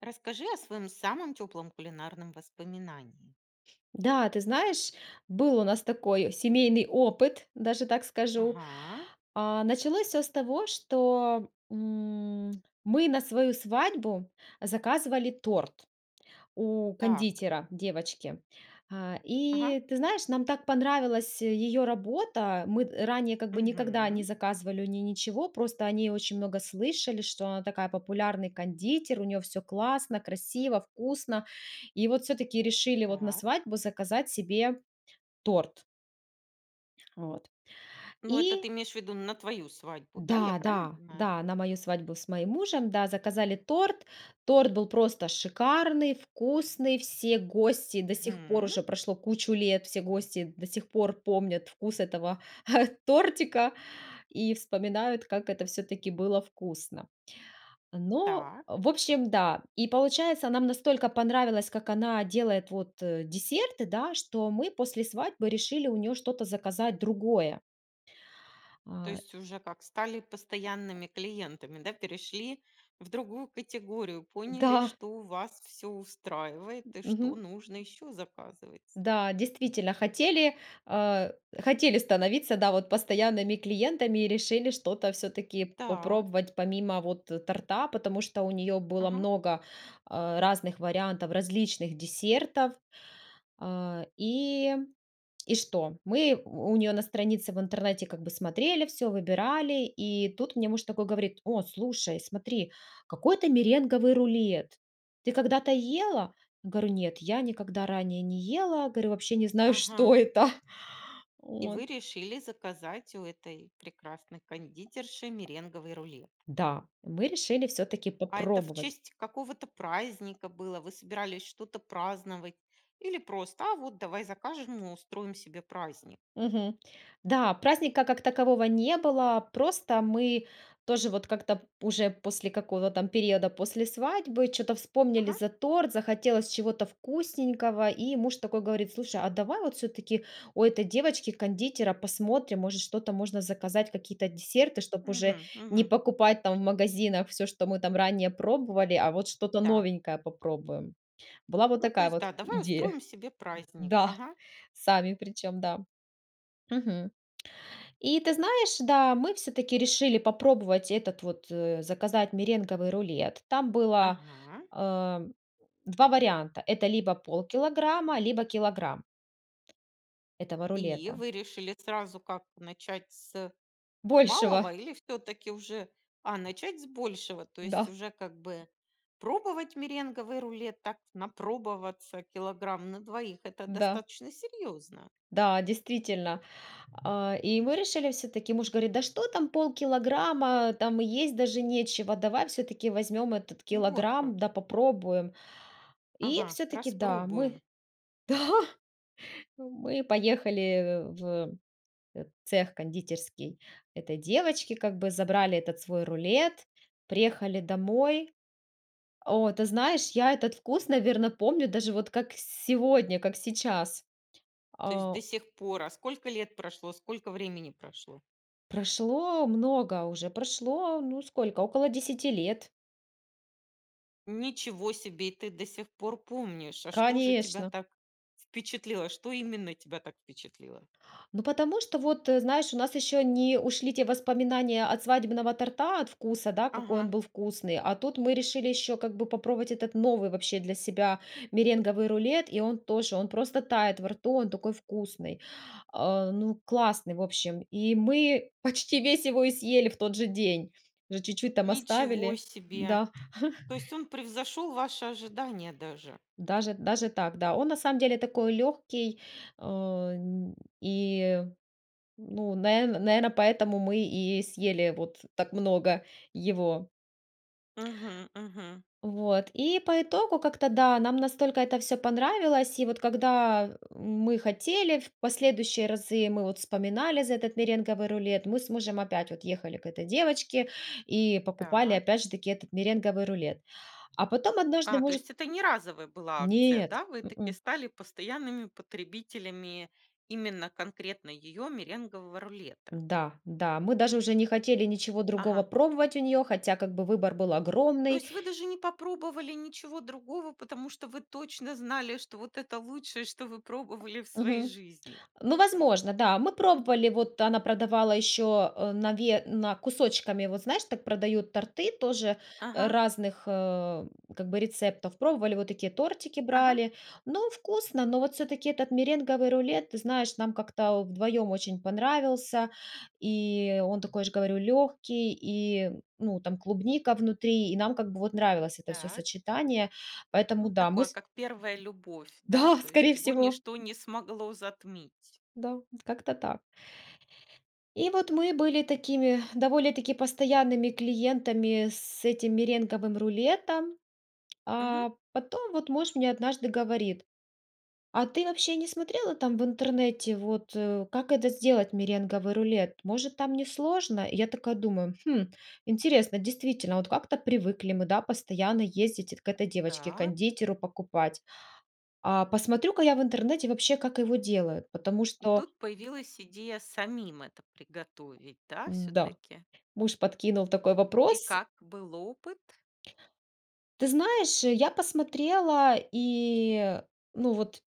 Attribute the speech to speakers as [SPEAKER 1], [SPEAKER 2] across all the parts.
[SPEAKER 1] Расскажи о своем самом теплом кулинарном воспоминании.
[SPEAKER 2] Да, ты знаешь, был у нас такой семейный опыт, даже так скажу.
[SPEAKER 1] Ага.
[SPEAKER 2] А началось всё с того, что, м, мы на свою свадьбу заказывали торт у
[SPEAKER 1] Так.
[SPEAKER 2] кондитера-девочки. А,
[SPEAKER 1] Ага.
[SPEAKER 2] и ты знаешь, нам так понравилась её работа. Мы ранее как бы никогда не
[SPEAKER 1] Мгм.
[SPEAKER 2] заказывали у неё ничего. Просто о ней очень много слышали, что она такая популярный кондитер, у неё всё классно, красиво, вкусно. И вот всё-таки решили вот на
[SPEAKER 1] Так.
[SPEAKER 2] свадьбу заказать себе торт. Вот.
[SPEAKER 1] Ну, это
[SPEAKER 2] И
[SPEAKER 1] ты имеешь в виду на твою свадьбу, да, я
[SPEAKER 2] Да
[SPEAKER 1] правильно
[SPEAKER 2] да
[SPEAKER 1] понимаю?
[SPEAKER 2] да, на мою свадьбу с моим мужем, да, заказали торт. Торт был просто шикарный, вкусный, все гости до сих пор,
[SPEAKER 1] Мгм.
[SPEAKER 2] уже прошло кучу лет, все гости до сих пор помнят вкус этого тортика и вспоминают, как это всё-таки было вкусно. Но,
[SPEAKER 1] Так.
[SPEAKER 2] в общем, да. И получается, нам настолько понравилось, как она делает вот, э, десерты, да, что мы после свадьбы решили у нее что-то заказать другое.
[SPEAKER 1] То
[SPEAKER 2] А.
[SPEAKER 1] есть уже как стали постоянными клиентами, да, перешли в другую категорию, поняли,
[SPEAKER 2] Да.
[SPEAKER 1] что вас всё устраивает и что
[SPEAKER 2] Мгм.
[SPEAKER 1] нужно еще заказывать.
[SPEAKER 2] Да, действительно хотели а хотели становиться, да, вот постоянными клиентами и решили что-то всё-таки
[SPEAKER 1] Так.
[SPEAKER 2] попробовать помимо, вот, торта, потому что у неё было
[SPEAKER 1] Ага.
[SPEAKER 2] много, а, разных вариантов различных десертов, а, и, и что? Мы у у нее на странице в интернете как бы смотрели всё, выбирали, и тут мне муж такой говорит: "О, слушай, смотри, какой-то меренговый рулет, ты когда-то ела?" Я говорю: "Нет, я никогда ранее не ела". Говорю: "Вообще не знаю,
[SPEAKER 1] Ага.
[SPEAKER 2] что это,
[SPEAKER 1] И
[SPEAKER 2] вот".
[SPEAKER 1] вы решили заказать у этой прекрасной кондитерши меренговый рулет.
[SPEAKER 2] Да, мы решили всё-таки
[SPEAKER 1] А это в
[SPEAKER 2] попробовать.
[SPEAKER 1] честь какого-то праздника было, вы собирались что-то праздновать, или просто: "А вот давай закажем и устроим себе праздник"?
[SPEAKER 2] Мгм. Да, праздника как такового не было, просто мы тоже вот как-то п уже после какого-то там периода, после свадьбы, чё-то вспомнили
[SPEAKER 1] Ага.
[SPEAKER 2] за торт, захотелось чего-то вкусненького, и муж такой говорит: "Слушай, а давай вот всё-таки у этой девочки-кондитера посмотрим, может, что-то можно заказать, какие-то десерты, чтоб уже
[SPEAKER 1] Мгм.
[SPEAKER 2] не
[SPEAKER 1] Мгм.
[SPEAKER 2] покупать там в магазинах всё, что мы там ранее пробовали, а вот что-то
[SPEAKER 1] Да.
[SPEAKER 2] новенькое попробуем". Была вот
[SPEAKER 1] Ну, то
[SPEAKER 2] такая
[SPEAKER 1] есть
[SPEAKER 2] вот
[SPEAKER 1] да, давай
[SPEAKER 2] идея.
[SPEAKER 1] устроим себе праздник,
[SPEAKER 2] Да,
[SPEAKER 1] ага.
[SPEAKER 2] сами причем, да. Мгм. И ты знаешь, да, мы всё-таки решили попробовать этот вот, э, заказать меренговый рулет. Там было,
[SPEAKER 1] Ага.
[SPEAKER 2] а, 2 варианта: это либо полкилограмма, либо килограмм этого
[SPEAKER 1] И
[SPEAKER 2] рулета.
[SPEAKER 1] вы решили сразу как: начать с
[SPEAKER 2] Большего!
[SPEAKER 1] малого или всё-таки уже, а начать с большего? То есть
[SPEAKER 2] Да.
[SPEAKER 1] уже как бы пробовать меренговый рулет, так напробоваться килограмм на 2- это
[SPEAKER 2] Да.
[SPEAKER 1] достаточно серьезно.
[SPEAKER 2] Да, действительно! И мы решили, всё-таки, муж говорит: "Да что там полкилограмма, там и есть даже нечего, давай всё-таки возьмем этот
[SPEAKER 1] Ну, вот
[SPEAKER 2] килограмм,
[SPEAKER 1] как.
[SPEAKER 2] да попробуем". И
[SPEAKER 1] Ага,
[SPEAKER 2] всё-таки да, мы
[SPEAKER 1] распробуем.
[SPEAKER 2] Да, мы поехали в, э, э, цех кондитерский этой девочки, как бы забрали этот свой рулет, приехали домой. О, ты знаешь, я этот вкус, наверно, помню даже вот как сегодня, как сейчас.
[SPEAKER 1] То есть
[SPEAKER 2] А
[SPEAKER 1] до сих пор, а сколько лет прошло, сколько времени прошло?
[SPEAKER 2] Прошло много уже, прошло, ну, сколько, около 10 лет.
[SPEAKER 1] Ничего себе! И ты до сих пор помнишь! А что же тебя
[SPEAKER 2] Конечно.
[SPEAKER 1] так впечатлило? Что именно тебя так впечатлило?
[SPEAKER 2] Ну, потому что вот, э, знаешь, у нас еще не ушли те воспоминания от свадебного торта, от вкуса, да, какой
[SPEAKER 1] Ага.
[SPEAKER 2] он был вкусный, а тут мы решили еще как бы попробовать этот новый вообще для себя меренговый рулет, и он тоже, он просто тает во рту, он такой вкусный, а, ну, классный, в общем, и мы почти весь его и съели в тот же день, уже чуть-чуть там
[SPEAKER 1] Ничего
[SPEAKER 2] оставили,
[SPEAKER 1] себе!
[SPEAKER 2] да.
[SPEAKER 1] То есть он превзошел ваши ожидания даже.
[SPEAKER 2] Даже даже так, да, он на самом деле такой легкий, о н и, ну, на наверно, поэтому мы и съели вот так много его.
[SPEAKER 1] Мгм мгм.
[SPEAKER 2] Вот. И по итогу как-то да, нам настолько это всё понравилось, и вот когда мы хотели в последующие разы, мы вот вспоминали за этот меренговый рулет, мы с мужем опять вот ехали к этой девочке и покупали
[SPEAKER 1] Так.
[SPEAKER 2] опять же таки этот меренговый рулет, а потом однажды
[SPEAKER 1] А, то
[SPEAKER 2] может
[SPEAKER 1] есть это не разовая была акция,
[SPEAKER 2] Нет,
[SPEAKER 1] да? Вы таки
[SPEAKER 2] м-м.
[SPEAKER 1] стали постоянными потребителями именно конкретно ее меренгового рулета.
[SPEAKER 2] Да, да, мы даже уже не хотели ничего другого
[SPEAKER 1] Ага.
[SPEAKER 2] пробовать у нее, хотя, как бы, выбор был
[SPEAKER 1] То
[SPEAKER 2] огромный.
[SPEAKER 1] есть вы даже не попробовали ничего другого, потому что вы точно знали, что вот это лучшее, что вы пробовали в своей
[SPEAKER 2] Мгм.
[SPEAKER 1] жизни.
[SPEAKER 2] Ну, возможно, да, мы пробовали, вот она продавала еще, э, на ве на кусочками, вот, знаешь, так продают торты тоже
[SPEAKER 1] Ага.
[SPEAKER 2] разных, э, как бы рецептов, пробовали, вот такие тортики
[SPEAKER 1] Ага.
[SPEAKER 2] брали, но вкусно, но вот все-таки этот меренговый рулет, ты знаешь, нам как-то вдвоем очень понравился, и он такой же, говорю, легкий, и, ну, там клубника внутри, и нам как бы вот нравилось это всё
[SPEAKER 1] Так.
[SPEAKER 2] сочетание, поэтому,
[SPEAKER 1] Ну
[SPEAKER 2] да, мы
[SPEAKER 1] такое,
[SPEAKER 2] с
[SPEAKER 1] как первая любовь, да,
[SPEAKER 2] Да,
[SPEAKER 1] то есть
[SPEAKER 2] скорее
[SPEAKER 1] его
[SPEAKER 2] всего.
[SPEAKER 1] ничто не смогло затмить.
[SPEAKER 2] Да, как-то так. И вот мы были такими довольно-таки постоянными клиентами с этим меренговым рулетом,
[SPEAKER 1] Мгм.
[SPEAKER 2] а потом вот муж мне однажды говорит: "А ты вообще не смотрела там в интернете вот, э, как это сделать меренговый рулет, может, там несложно?" Я такая думаю: "Хм, интересно". Действительно, вот как-то привыкли мы, да, постоянно ездить к этой
[SPEAKER 1] Так.
[SPEAKER 2] девочке-кондитеру покупать, а посмотрю-ка я в интернете вообще, как его делают, потому
[SPEAKER 1] И
[SPEAKER 2] что
[SPEAKER 1] тут появилась идея самим это приготовить, да,
[SPEAKER 2] М-да,
[SPEAKER 1] все-таки?
[SPEAKER 2] муж подкинул такой
[SPEAKER 1] И
[SPEAKER 2] вопрос
[SPEAKER 1] как был опыт?
[SPEAKER 2] Ты знаешь, э, я посмотрела и, ну, вот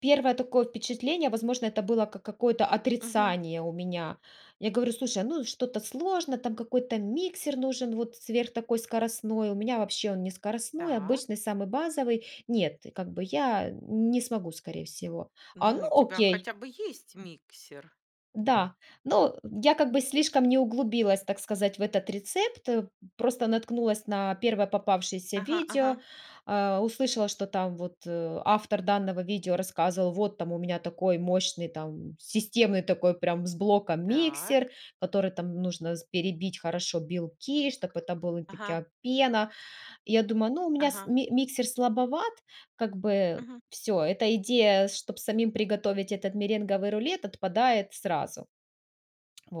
[SPEAKER 2] первое такое впечатление, возможно, это было как какое-то
[SPEAKER 1] Мгм.
[SPEAKER 2] отрицание у меня, я говорю: "Слушай, ну что-то сложно, там какой-то миксер нужен, вот сверх такой скоростной, у меня вообще он не скоростной,
[SPEAKER 1] Так.
[SPEAKER 2] обычный самый базовый, нет, как бы я не смогу скорее всего". А, ну,
[SPEAKER 1] Ну, у тебя
[SPEAKER 2] окей.
[SPEAKER 1] хотя бы есть миксер?
[SPEAKER 2] Да. Ну, я как бы слишком не углубилась, так сказать, в этот рецепт, э, просто наткнулась на первое попавшееся
[SPEAKER 1] Ага
[SPEAKER 2] видео,
[SPEAKER 1] ага.
[SPEAKER 2] а, услышала, что там вот, э, автор данного видео рассказывал: "Вот там у меня такой мощный там системный такой прям с блоком
[SPEAKER 1] Так.
[SPEAKER 2] миксер, который там нужно с перебить хорошо белки, чтобы это была
[SPEAKER 1] Ага.
[SPEAKER 2] такая пена". Я думаю: "Ну, у меня с
[SPEAKER 1] Ага.
[SPEAKER 2] ми миксер слабоват, как бы
[SPEAKER 1] Мгм.
[SPEAKER 2] всё, эта идея, чтобы самим приготовить этот меренговый рулет, отпадает сразу".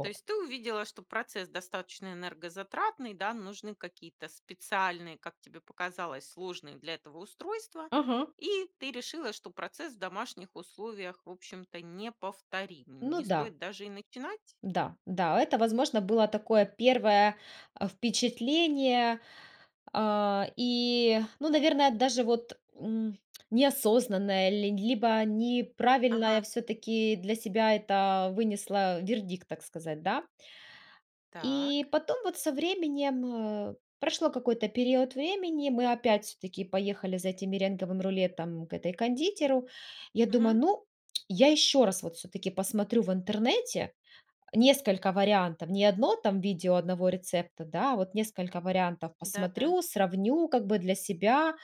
[SPEAKER 1] То есть ты увидела, что процесс достаточно энергозатратный, да? Нужны какие-то специальные, как тебе показалось, сложные для этого устройства,
[SPEAKER 2] Ага.
[SPEAKER 1] и ты решила, что процесс в домашних условиях, в общем-то, неповторим.
[SPEAKER 2] Ну
[SPEAKER 1] Не
[SPEAKER 2] да.
[SPEAKER 1] стоит даже и начинать?
[SPEAKER 2] Да, да, это, возможно, было такое первое, а, впечатление, а, и, ну, наверное, даже вот, м, неосознанное ли либо неправильное
[SPEAKER 1] Ага.
[SPEAKER 2] все-таки для себя это вынесла вердикт, так сказать, да.
[SPEAKER 1] Так.
[SPEAKER 2] И потом вот со временем, э, прошло какой-то период времени, мы опять все-таки поехали за этим меренговым рулетом к этой кондитеру. Я думаю:
[SPEAKER 1] Мгм.
[SPEAKER 2] "Ну, я еще раз вот все-таки посмотрю в интернете несколько вариантов, не одно там видео одного рецепта, да, а вот несколько вариантов
[SPEAKER 1] Да-да.
[SPEAKER 2] посмотрю, сравню как бы для себя",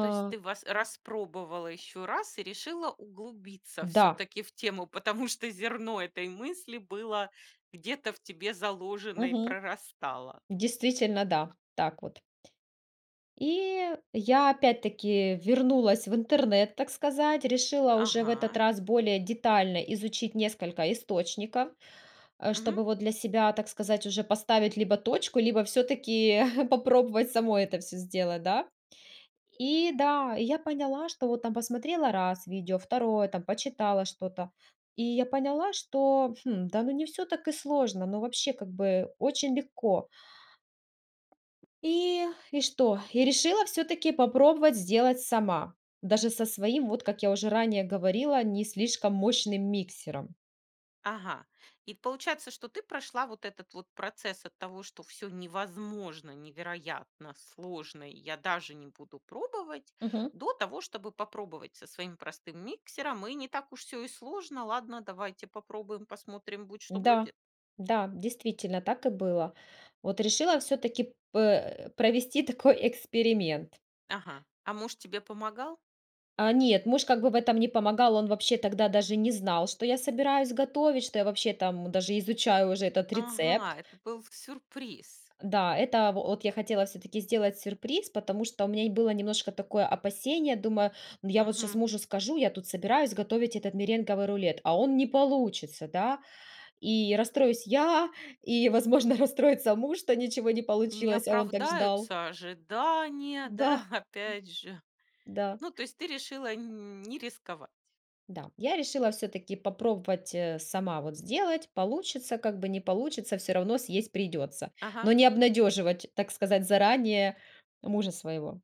[SPEAKER 1] То есть ты воc распробовала еще раз и решила углубиться
[SPEAKER 2] Да.
[SPEAKER 1] все-таки в тему, потому что зерно этой мысли было где-то в тебе заложено и
[SPEAKER 2] Мгм.
[SPEAKER 1] прорастало.
[SPEAKER 2] Действительно, да, так вот т И я опять-таки вернулась в интернет, так сказать, решила уже в этот
[SPEAKER 1] Ага.
[SPEAKER 2] раз более детально изучить несколько источников, э,
[SPEAKER 1] Мгм.
[SPEAKER 2] чтобы вот для себя, так сказать, уже поставить либо точку, либо все-таки попробовать самой это всё сделать, да. И да, я поняла, что вот там посмотрела раз видео, второе, там почитала что-то, и я поняла, что, хм, да ну, не всё так и сложно, но вообще, как бы, очень легко. И и что, и решила всё-таки попробовать сделать сама, даже со своим, вот как я уже ранее говорила, не слишком мощным миксером.
[SPEAKER 1] Ага, и получается, что ты прошла вот этот вот процесс от того, что всё невозможно, невероятно, сложно, и я даже не буду пробовать,
[SPEAKER 2] Мгм.
[SPEAKER 1] до того, чтобы попробовать со своим простым миксером. И не так уж всё и сложно. Ладно, давайте попробуем, посмотрим, будь что
[SPEAKER 2] Да,
[SPEAKER 1] будет?
[SPEAKER 2] да, действительно так и было. Вот решила всё-таки п э, провести такой эксперимент.
[SPEAKER 1] Ага. А муж тебе помогал?
[SPEAKER 2] А нет, муж как бы в этом не помогал, он вообще тогда даже не знал, что я собираюсь готовить, что я вообще там даже изучаю уже этот
[SPEAKER 1] Ага,
[SPEAKER 2] рецепт.
[SPEAKER 1] это был с сюрприз!
[SPEAKER 2] Да, это вот я хотела всё-таки сделать сюрприз. Потому что у меня и было немножко такое опасение, думаю, ну, я вот щас
[SPEAKER 1] Мгм.
[SPEAKER 2] мужу скажу, я тут собираюсь готовить этот меренговый рулет, а он не получится, да. И расстроюсь я, и, возможно, расстроится муж, что ничего не
[SPEAKER 1] Не
[SPEAKER 2] получилось, а он так ждал.
[SPEAKER 1] оправдаются ожидания,
[SPEAKER 2] Да.
[SPEAKER 1] да? Опять же.
[SPEAKER 2] Да.
[SPEAKER 1] Ну, то есть ты решила не рисковать.
[SPEAKER 2] Да, я решила всё-таки попробовать, э, сама вот сделать. Получится, как бы, не получится- всё равно съесть придётся,
[SPEAKER 1] Ага.
[SPEAKER 2] но не обнадёживать, так сказать, заранее мужа своего.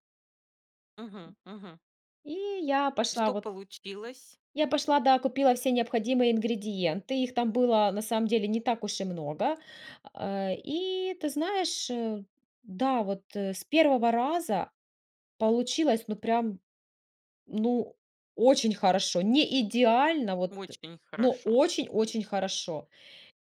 [SPEAKER 1] Мгм мгм.
[SPEAKER 2] И я пошла
[SPEAKER 1] Что
[SPEAKER 2] вот
[SPEAKER 1] получилось?
[SPEAKER 2] я пошла, да, купила все необходимые ингредиенты, их там было на самом деле не так уж и много. А, и ты знаешь, да, вот с первого раза получилось, ну, прям, ну, очень хорошо, не идеально, вот,
[SPEAKER 1] Очень
[SPEAKER 2] ну,
[SPEAKER 1] хорошо.
[SPEAKER 2] очень-очень хорошо.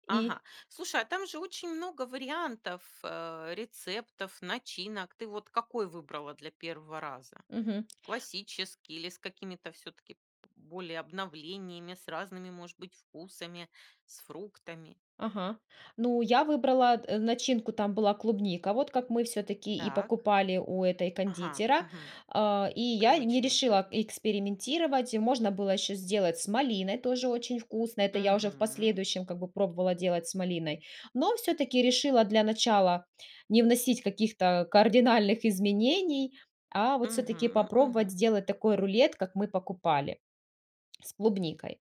[SPEAKER 1] Ага.
[SPEAKER 2] И
[SPEAKER 1] Слушай, а там же очень много вариантов, э, рецептов, начинок. Ты вот какой выбрала для первого раза?
[SPEAKER 2] Мгм.
[SPEAKER 1] Классический или с какими-то всё-таки, более обновлениями, с разными, может быть, вкусами, с фруктами?
[SPEAKER 2] Ага, ну, я выбрала н начинку, там была клубника, вот как мы всё-таки и
[SPEAKER 1] Так.
[SPEAKER 2] покупали у этой
[SPEAKER 1] Ага.
[SPEAKER 2] кондитера.
[SPEAKER 1] Мгм.
[SPEAKER 2] Э, и я не
[SPEAKER 1] Привычный, то есть.
[SPEAKER 2] решила экспериментировать, и можно было еще сделать с малиной, тоже очень вкусно, это я уже в
[SPEAKER 1] Мгм.
[SPEAKER 2] последующем как бы пробовала делать с малиной, но всё-таки решила для начала не вносить каких-то кардинальных изменений, а вот
[SPEAKER 1] Мгм.
[SPEAKER 2] всё-таки
[SPEAKER 1] М
[SPEAKER 2] попробовать
[SPEAKER 1] мгм.
[SPEAKER 2] сделать такой рулет, как мы покупали с клубникой.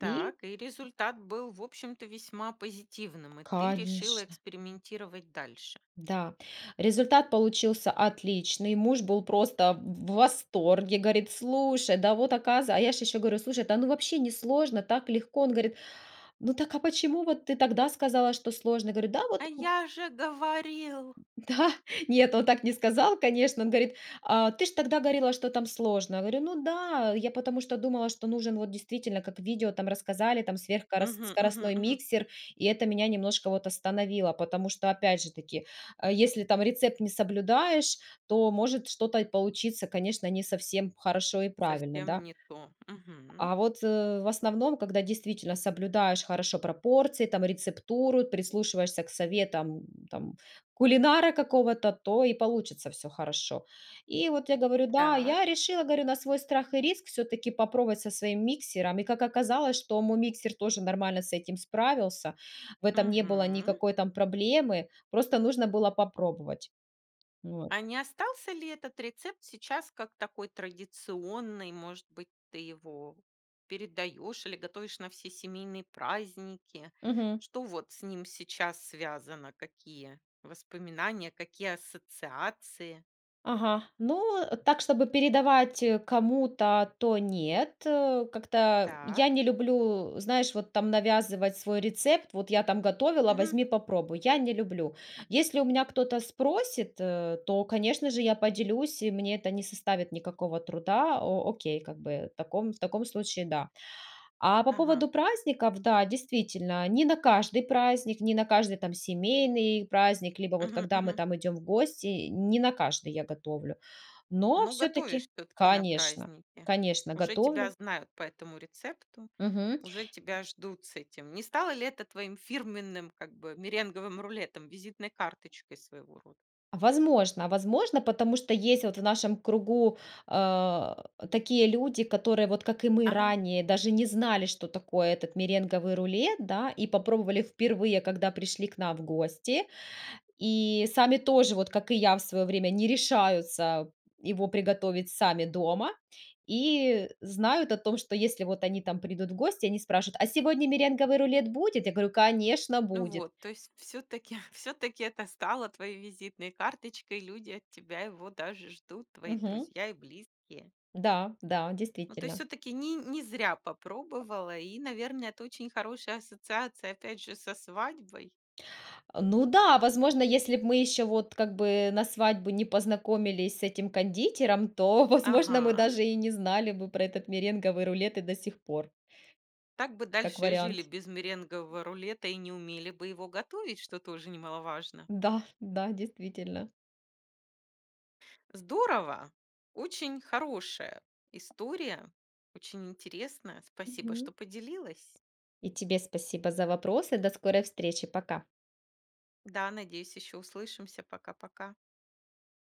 [SPEAKER 2] И
[SPEAKER 1] Так, и результат был, в общем-то, весьма позитивным, и ты решила
[SPEAKER 2] Конечно!
[SPEAKER 1] экспериментировать дальше.
[SPEAKER 2] Да, результат получился отличный, муж был просто в восторге, говорит: "Слушай, да вот оказ". А я же еще говорю: "Слушай, да ну вообще не сложно, так легко!" Он говорит: "Ну так, а почему вот ты тогда сказала, что сложно?" Говорю: "Да
[SPEAKER 1] А
[SPEAKER 2] вот".
[SPEAKER 1] я же говорил!
[SPEAKER 2] Да! Нет, он так не сказал, конечно. Он говорит: "Э, ты же тогда говорила, что там сложно". Я говорю: "Ну да, я потому что думала, что нужен вот действительно, как в видео там рассказали, там сверх корос
[SPEAKER 1] Мгм мгм
[SPEAKER 2] скоростной
[SPEAKER 1] мгм.
[SPEAKER 2] миксер, и это меня немножко вот остановило, потому что, опять же таки, если там рецепт не соблюдаешь, то может что-то й получиться, конечно, не совсем хорошо и правильно,
[SPEAKER 1] Совсем
[SPEAKER 2] да?"
[SPEAKER 1] не то. Мгм.
[SPEAKER 2] А вот в основном, когда действительно соблюдаешь хорошо пропорции, там рецептуру, прислушиваешься к советам, там, кулинара какого-то, то и получится всё хорошо. И вот я говорю: "Да".
[SPEAKER 1] Так.
[SPEAKER 2] Я решила, говорю, на свой страх и риск всё-таки попробовать со своим миксером. И как оказалось, что мой миксер тоже нормально с этим справился, в этом не было
[SPEAKER 1] Мгм.
[SPEAKER 2] никакой там проблемы, просто нужно было попробовать. Вот.
[SPEAKER 1] А не остался ли этот рецепт сейчас как такой традиционный? Может быть, ты его передаешь или готовишь на все семейные праздники?
[SPEAKER 2] Мгм.
[SPEAKER 1] Что вот с ним сейчас связано? Какие воспоминания? Какие ассоциации?
[SPEAKER 2] Ага. Ну, так, чтобы передавать кому-то, то нет, как-то
[SPEAKER 1] Так.
[SPEAKER 2] я не люблю, знаешь, вот там навязывать свой рецепт. Вот: "Я там готовила,
[SPEAKER 1] Мгм.
[SPEAKER 2] возьми, попробуй". Я не люблю. Если у меня кто-то спросит, то, конечно же, я поделюсь, и мне это не составит никакого труда. О окей, как бы в таком в таком случае, да. А по
[SPEAKER 1] Ага.
[SPEAKER 2] поводу праздников- да, действительно, не на каждый праздник, не на каждый там семейный праздник либо вот
[SPEAKER 1] Мгм,
[SPEAKER 2] когда мы
[SPEAKER 1] мгм.
[SPEAKER 2] там идем в гости, не на каждый я готовлю, но
[SPEAKER 1] Ну,
[SPEAKER 2] все-таки,
[SPEAKER 1] готовишь всё-таки на
[SPEAKER 2] конечно
[SPEAKER 1] праздники.
[SPEAKER 2] конечно
[SPEAKER 1] Уже тебя
[SPEAKER 2] готовлю.
[SPEAKER 1] знают по этому рецепту,
[SPEAKER 2] Мгм.
[SPEAKER 1] уже тебя ждут с этим. Не стало ли это твоим фирменным, как бы, меренговым рулетом, визитной карточкой своего рода?
[SPEAKER 2] Возможно возможно, потому что есть вот в нашем кругу, э, такие люди, которые вот, как и мы
[SPEAKER 1] Ага.
[SPEAKER 2] ранее, даже не знали, что такое этот меренговый рулет, да и попробовали впервые, когда пришли к нам в гости, и сами тоже вот, как и я в свое время, не решаются его приготовить сами дома и знают о том, что если вот они там придут в гости, они спрашивают: "А сегодня меренговый рулет будет?" Я говорю: "Конечно,
[SPEAKER 1] Ну
[SPEAKER 2] будет".
[SPEAKER 1] вот, то есть всё-таки всё-таки это стало твоей визитной карточкой, люди от тебя его даже ждут, твои
[SPEAKER 2] Мгм.
[SPEAKER 1] друзья и близкие.
[SPEAKER 2] Да да,
[SPEAKER 1] Ну, то есть
[SPEAKER 2] действительно.
[SPEAKER 1] всё-таки не не зря попробовала, и, наверное, это очень хорошая ассоциация, опять же, со свадьбой.
[SPEAKER 2] Ну да, возможно, если б мы еще, вот, как бы на свадьбу не познакомились с этим кондитером, то, возможно, мы
[SPEAKER 1] Ага.
[SPEAKER 2] даже и не знали бы про этот меренговый рулет и до сих пор.
[SPEAKER 1] Так бы
[SPEAKER 2] Как
[SPEAKER 1] дальше и жили
[SPEAKER 2] вариант.
[SPEAKER 1] без меренгового рулета и не умели бы его готовить, что тоже немаловажно.
[SPEAKER 2] Да да, действительно.
[SPEAKER 1] Здорово! Очень хорошая история, очень интересная. Спасибо, что
[SPEAKER 2] Мгм.
[SPEAKER 1] поделилась.
[SPEAKER 2] И тебе спасибо за вопросы! До скорой встречи! Пока!
[SPEAKER 1] Да, надеюсь, еще услышимся. Пока-пока!